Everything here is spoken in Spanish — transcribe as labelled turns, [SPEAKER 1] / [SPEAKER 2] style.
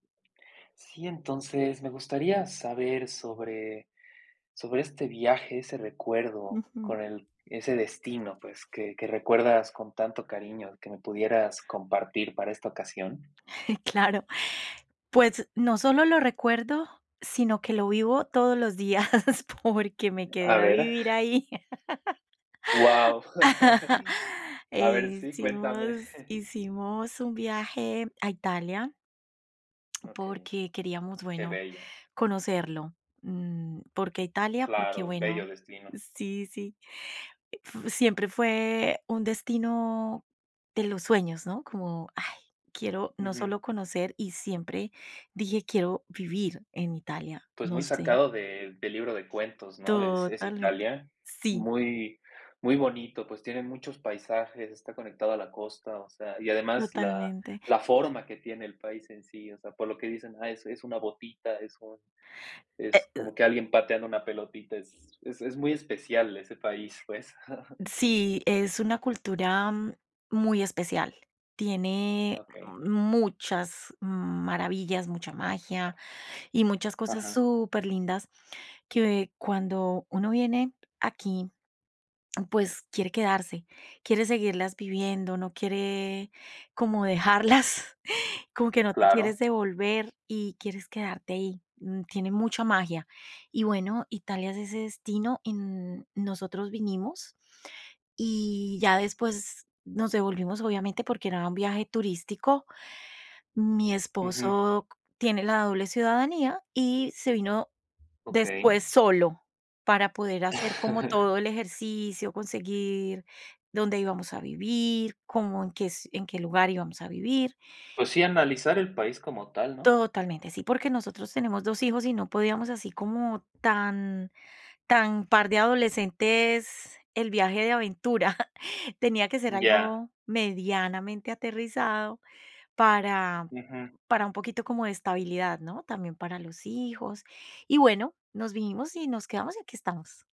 [SPEAKER 1] Sí, entonces, me gustaría saber sobre sobre este viaje, ese recuerdo
[SPEAKER 2] Ujú.
[SPEAKER 1] con el ese destino, pues, que que recuerdas con tanto cariño que me pudieras compartir para esta ocasión.
[SPEAKER 2] Claro, pues, no solo lo recuerdo sino que lo vivo todos los días, porque me quedé
[SPEAKER 1] A
[SPEAKER 2] a
[SPEAKER 1] ver.
[SPEAKER 2] vivir ahí.
[SPEAKER 1] Guau, a
[SPEAKER 2] Eh,
[SPEAKER 1] ver, sí, cuéntame.
[SPEAKER 2] hicimos hicimos un viaje a Italia
[SPEAKER 1] Okey,
[SPEAKER 2] porque queríamos,
[SPEAKER 1] qué
[SPEAKER 2] bueno,
[SPEAKER 1] bello.
[SPEAKER 2] conocerlo, mm, ¿por qué Italia? Porque
[SPEAKER 1] Claro, bello
[SPEAKER 2] bueno
[SPEAKER 1] destino.
[SPEAKER 2] Sí, sí f siempre fue un destino de los sueños, ¿no? Como: "Ay, quiero no
[SPEAKER 1] Ujú.
[SPEAKER 2] solo conocer", y siempre dije: "Quiero vivir en Italia".
[SPEAKER 1] Pues
[SPEAKER 2] No
[SPEAKER 1] muy
[SPEAKER 2] sé.
[SPEAKER 1] sacado del del libro de cuentos, ¿no? Es es
[SPEAKER 2] Totalmente,
[SPEAKER 1] Italia,
[SPEAKER 2] sí.
[SPEAKER 1] muy muy bonito, pues, tiene muchos paisajes, está conectado a la costa, o sea, y además la
[SPEAKER 2] Totalmente.
[SPEAKER 1] la forma que tiene el país en sí, o sea, por lo que dicen: "Ah, es es una botita, es un
[SPEAKER 2] E
[SPEAKER 1] es
[SPEAKER 2] uh
[SPEAKER 1] como que alguien pateando una pelotita", es es es muy especial ese país, pues.
[SPEAKER 2] Sí, es una cultura muy especial, tiene
[SPEAKER 1] Okey.
[SPEAKER 2] muchas maravillas, mucha magia y muchas cosas
[SPEAKER 1] Ajá.
[SPEAKER 2] superlindas que cuando uno viene aquí, pues, quiere quedarse, quiere seguirlas viviendo, no quiere como dejarlas, como que no te
[SPEAKER 1] Claro.
[SPEAKER 2] quieres devolver y quieres quedarte ahí, mm, tiene mucha magia, y bueno, Italia es ese destino, y, n nosotros vinimos y ya después nos devolvimos, obviamente, porque era un viaje turístico, mi
[SPEAKER 1] Ujú.
[SPEAKER 2] esposo tiene la doble ciudadanía y se vino
[SPEAKER 1] Okey.
[SPEAKER 2] después solo para poder hacer como todo el ejercicio, conseguir dónde íbamos a vivir, cómo, en qué es en qué lugar íbamos a vivir.
[SPEAKER 1] Pues, sí, analizar el país como tal, ¿no?
[SPEAKER 2] Totalmente, sí, porque nosotros tenemos dos hijos y no podíamos así como tan tan par de adolescentes, el viaje de aventura, tenía que ser
[SPEAKER 1] Ya.
[SPEAKER 2] algo medianamente aterrizado para
[SPEAKER 1] Ujú.
[SPEAKER 2] para un poquito como de estabilidad, ¿no? También para los hijos, y bueno, nos vinimos y nos quedamos y aquí estamos.